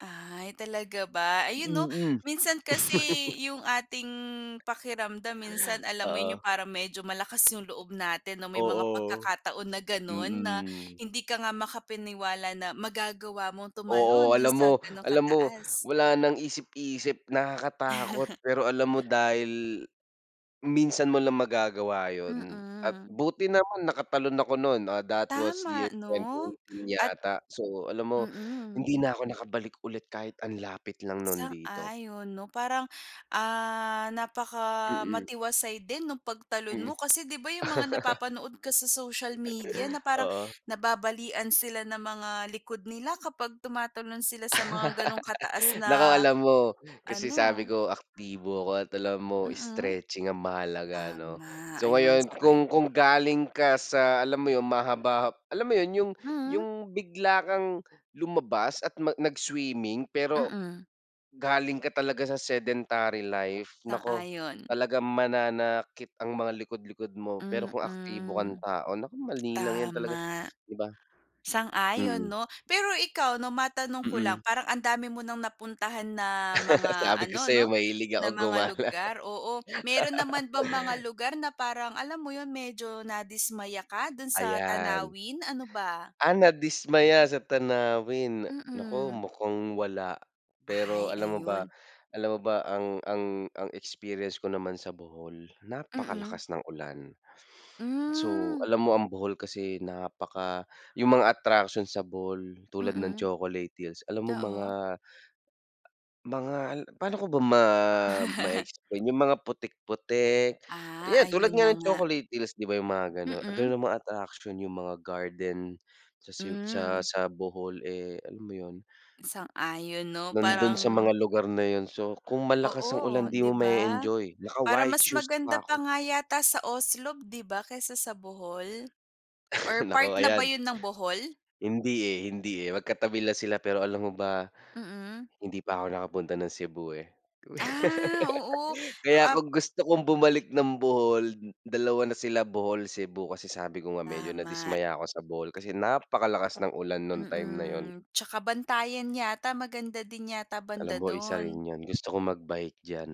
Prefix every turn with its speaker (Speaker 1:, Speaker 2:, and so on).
Speaker 1: Ay, talaga ba? Ayun 'no,
Speaker 2: Mm.
Speaker 1: minsan kasi yung ating pakiramdam minsan alam mo yun, yung
Speaker 2: Oo.
Speaker 1: parang medyo malakas yung loob natin na may mga
Speaker 2: Oo.
Speaker 1: pagkakataon na ganon na
Speaker 2: Mm.
Speaker 1: hindi ka nga makapaniwala na magagawa mong
Speaker 2: Oo,
Speaker 1: tumalon do'n
Speaker 2: alam
Speaker 1: sa
Speaker 2: mo
Speaker 1: ganon
Speaker 2: alam mo,
Speaker 1: kataas.
Speaker 2: wala ng isip-isip, nakakatakot pero alam mo dahil, minsan mo lang magagawa yun at
Speaker 1: Mm.
Speaker 2: buti naman nakatalon ako no'n. Ah, that was year
Speaker 1: Tama
Speaker 2: twenty
Speaker 1: 'no,
Speaker 2: eighteen
Speaker 1: at
Speaker 2: yata. So alam mo,
Speaker 1: mm.
Speaker 2: hindi na ako nakabalik ulit kahit ang lapit lang no'n dito.
Speaker 1: Sang-ayon 'no, parang, ah,
Speaker 2: Mm.
Speaker 1: napakamatiwasay din no'ng pagtalon
Speaker 2: Mm.
Speaker 1: mo kasi di ba yung mga napapanood ka sa social media na parang
Speaker 2: Oo.
Speaker 1: nababalian sila ng mga likod nila kapag tumatalon sila sa mga gano'ng kataas
Speaker 2: Naku
Speaker 1: na
Speaker 2: alam mo, kasi sabi
Speaker 1: ano
Speaker 2: ko, aktibo ako at alam mo
Speaker 1: Mm.
Speaker 2: stretching ang mahalaga 'no.
Speaker 1: Tama,
Speaker 2: So
Speaker 1: ayon,
Speaker 2: ngayon
Speaker 1: sang-ayon.
Speaker 2: kung kung galing ka sa alam mo yun, mahaba-ha alam mo yun, yung
Speaker 1: Hmm.
Speaker 2: yung bigla kang lumabas at ma nag-swimming pero
Speaker 1: Mm.
Speaker 2: galing ka talaga sa sedentary life, naku,
Speaker 1: Sang-ayon.
Speaker 2: talagang mananakit ang mga likod-likod mo pero kung aktibo kang
Speaker 1: Mm.
Speaker 2: tao, naku, madali lang yan talaga.
Speaker 1: Tama.
Speaker 2: 'Di ba?
Speaker 1: Sang-ayon
Speaker 2: Mm.
Speaker 1: 'no. Pero ikaw 'no, matanong ko lang,
Speaker 2: Mm.
Speaker 1: parang ang dami mo ng napuntahan na mga
Speaker 2: Sabi ko
Speaker 1: ano
Speaker 2: sayo
Speaker 1: 'no,
Speaker 2: mahilig
Speaker 1: na
Speaker 2: akong
Speaker 1: mga
Speaker 2: gumala.
Speaker 1: lugar, oo. Meron naman bang mga lugar na parang alam mo yun, medyo nadismaya ka do'n sa
Speaker 2: Ayan.
Speaker 1: tanawin, ano ba?
Speaker 2: Ah, nadismaya sa tanawin. Naku,
Speaker 1: Mm.
Speaker 2: mukhang wala. Pero,
Speaker 1: Ay,
Speaker 2: alam mo ba
Speaker 1: ayun.
Speaker 2: alam mo ba ang ang ang experience ko naman sa Bohol,
Speaker 1: Mm.
Speaker 2: napakalakas ng ulan. So
Speaker 1: Mm.
Speaker 2: alam mo ang Bohol kasi napaka yung mga attraction sa Bohol tulad ng
Speaker 1: Mm.
Speaker 2: Chocolate hills, alam mo
Speaker 1: Oo.
Speaker 2: mga mga al pa'no ko ba ma ma-explain yung mga putik putik,
Speaker 1: Ah,
Speaker 2: yan, tulad
Speaker 1: ayun
Speaker 2: nga
Speaker 1: na
Speaker 2: ng
Speaker 1: nga.
Speaker 2: Chocolate hills di ba yung mga ganun. Ganun
Speaker 1: Mm.
Speaker 2: ang mga attraction, yung mga garden sa se sa
Speaker 1: Mm.
Speaker 2: sa Bohol, eh, alam mo yun?
Speaker 1: Sang-ayon 'no,
Speaker 2: Nando'n sa
Speaker 1: parang
Speaker 2: mga lugar na yun. So kung malakas ang
Speaker 1: Oo,
Speaker 2: ulan, 'di mo
Speaker 1: di ba?
Speaker 2: ma-e-enjoy. Naka
Speaker 1: Para
Speaker 2: white
Speaker 1: mas
Speaker 2: shoes
Speaker 1: maganda
Speaker 2: pa ako.
Speaker 1: pa nga yata sa Oslob, di ba? Kaysa sa Bohol? Or
Speaker 2: Naku,
Speaker 1: part na ba
Speaker 2: ayan.
Speaker 1: yun ng Bohol?
Speaker 2: Hindi eh, hindi eh, magkatabi lang sila pero alam mo ba,
Speaker 1: Mm.
Speaker 2: hindi pa ako nakapunta ng Cebu, eh.
Speaker 1: Ah, oo.
Speaker 2: Kaya
Speaker 1: Ap
Speaker 2: kung gusto kong bumalik ng Bohol, dalawa na sila, Bohol, Cebu kasi sabi ko nga medyo
Speaker 1: Tama.
Speaker 2: nadismaya ako sa Bohol kasi napakalakas ng ulan no'ng time na yun.
Speaker 1: Mm. Tsaka Bantayan yata maganda din yata
Speaker 2: Alam
Speaker 1: banda
Speaker 2: mo, isa rin
Speaker 1: do'n.
Speaker 2: yun. Gusto kong magbike diyan.